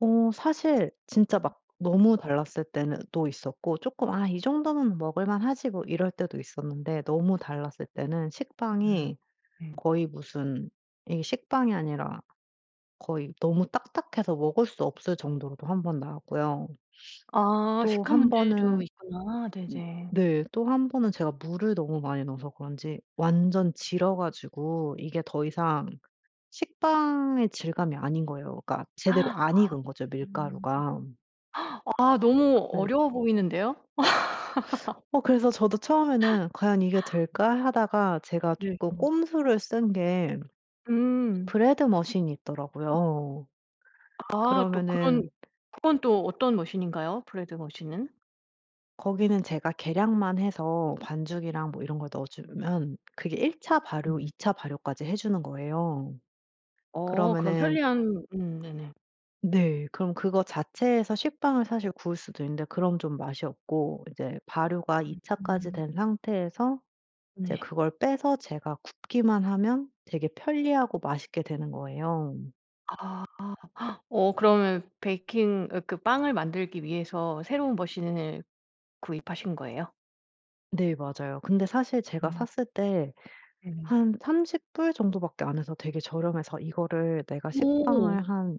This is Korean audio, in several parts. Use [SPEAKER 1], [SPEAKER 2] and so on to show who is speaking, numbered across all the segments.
[SPEAKER 1] 어 사실 진짜 막 너무 달랐을 때는 또 있었고 쪼끔 '아 이 정도는 먹을 만하지 뭐.' 이럴 때도 있었는데 너무 달랐을 때는
[SPEAKER 2] 음
[SPEAKER 1] 식빵이
[SPEAKER 2] 네.
[SPEAKER 1] 거의 무슨 이게 식빵이 아니라 거의 너무 딱딱해서 먹을 수 없을 정도로도 1 번 나왔고요.
[SPEAKER 2] 아
[SPEAKER 1] 또
[SPEAKER 2] 식감
[SPEAKER 1] 1
[SPEAKER 2] 문제도
[SPEAKER 1] 번은
[SPEAKER 2] 있구나.
[SPEAKER 1] 으
[SPEAKER 2] 네네.
[SPEAKER 1] 네 또 1 번은 제가 물을 너무 많이 넣어서 그런지 완전 질어 가지고 이게 더 이상 식빵의 질감이 아닌 거예요. 그러니까
[SPEAKER 2] 아
[SPEAKER 1] 제대로
[SPEAKER 2] 아.
[SPEAKER 1] 안 익은 거죠
[SPEAKER 2] 음.
[SPEAKER 1] 밀가루가.
[SPEAKER 2] 아 너무
[SPEAKER 1] 그래
[SPEAKER 2] 어려워 보이는데요.
[SPEAKER 1] 어 그래서 저도 처음에는 '과연 이게 될까?' 하다가 제가
[SPEAKER 2] 네
[SPEAKER 1] 쪼끔
[SPEAKER 2] 음.
[SPEAKER 1] 꼼수를 쓴 게
[SPEAKER 2] 음.
[SPEAKER 1] 브레드머신이 있더라고요.
[SPEAKER 2] 아 또
[SPEAKER 1] 그러면은
[SPEAKER 2] 그런 그건 또 어떤 머신인가요? 브레드 머신은?
[SPEAKER 1] 거기는 제가 계량만 해서 반죽이랑 뭐 이런 걸 넣어 주면 그게 1 차 발효 2
[SPEAKER 2] 음.
[SPEAKER 1] 차 발효까지 해 주는 거예요.
[SPEAKER 2] 어 그런
[SPEAKER 1] 그러면은
[SPEAKER 2] 편리한 음 네네.
[SPEAKER 1] 네. 그럼 그거 자체에서 식빵을 사실 구울 수도 있는데 그럼 좀 맛이 없고 이제 발효가 2 차까지
[SPEAKER 2] 음.
[SPEAKER 1] 된 상태에서 이제
[SPEAKER 2] 네.
[SPEAKER 1] 그걸 빼서 제가 굽기만 하면 되게 편리하고 맛있게 되는 거예요.
[SPEAKER 2] 아. 어 그러면 베이킹 으 그 빵을 만들기 위해서 새로운 머신을 구입하신 거예요?
[SPEAKER 1] 네 맞아요. 근데 사실 제가
[SPEAKER 2] 음.
[SPEAKER 1] 샀을 때
[SPEAKER 2] 네네.
[SPEAKER 1] 한 30 불 정도 밖에 안 해서 되게 저렴해서 이거를 내가
[SPEAKER 2] 어.
[SPEAKER 1] 식빵을 한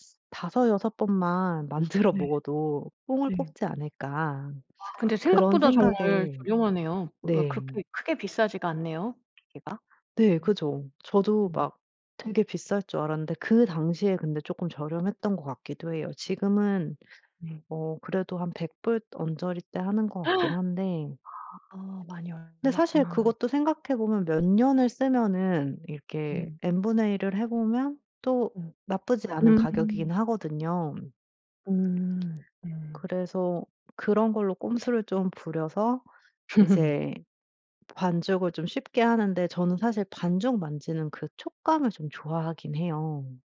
[SPEAKER 1] 쓰 5, 6 번만 만들어
[SPEAKER 2] 네.
[SPEAKER 1] 먹어도 '뽕을
[SPEAKER 2] 네.
[SPEAKER 1] 뽑지 않을까.'
[SPEAKER 2] 아 근데
[SPEAKER 1] 그런
[SPEAKER 2] 생각보다 정말
[SPEAKER 1] 생각에
[SPEAKER 2] 저렴하네요. 왜
[SPEAKER 1] 네.
[SPEAKER 2] 그렇게 크게 비싸지가 않네요 기계가.
[SPEAKER 1] 네
[SPEAKER 2] 음.
[SPEAKER 1] 그죠? 저도
[SPEAKER 2] 음.
[SPEAKER 1] 막 되게 비쌀 줄 알았는데 그 당시에 근데 쪼끔 저렴했던 것 같기도 해요. 지금은
[SPEAKER 2] 네.
[SPEAKER 1] 어 그래도 한 100 불 언저리대 하는 것 같긴 한데
[SPEAKER 2] 아 아 많이 올
[SPEAKER 1] 근데 사실
[SPEAKER 2] 올랐구나.
[SPEAKER 1] 그것도 생각해 보면 몇 년을 쓰면은 이렇게
[SPEAKER 2] 네.
[SPEAKER 1] N분의 1을 해 보면 또
[SPEAKER 2] 오
[SPEAKER 1] 나쁘지 않은 가격이긴
[SPEAKER 2] 음음.
[SPEAKER 1] 하거든요.
[SPEAKER 2] 오 네.
[SPEAKER 1] 그래서 그런 걸로 꼼수를 좀 부려서 이제 반죽을 좀 쉽게 하는데 저는 사실 반죽 만지는 그 촉감을 좀 좋아하긴 해요.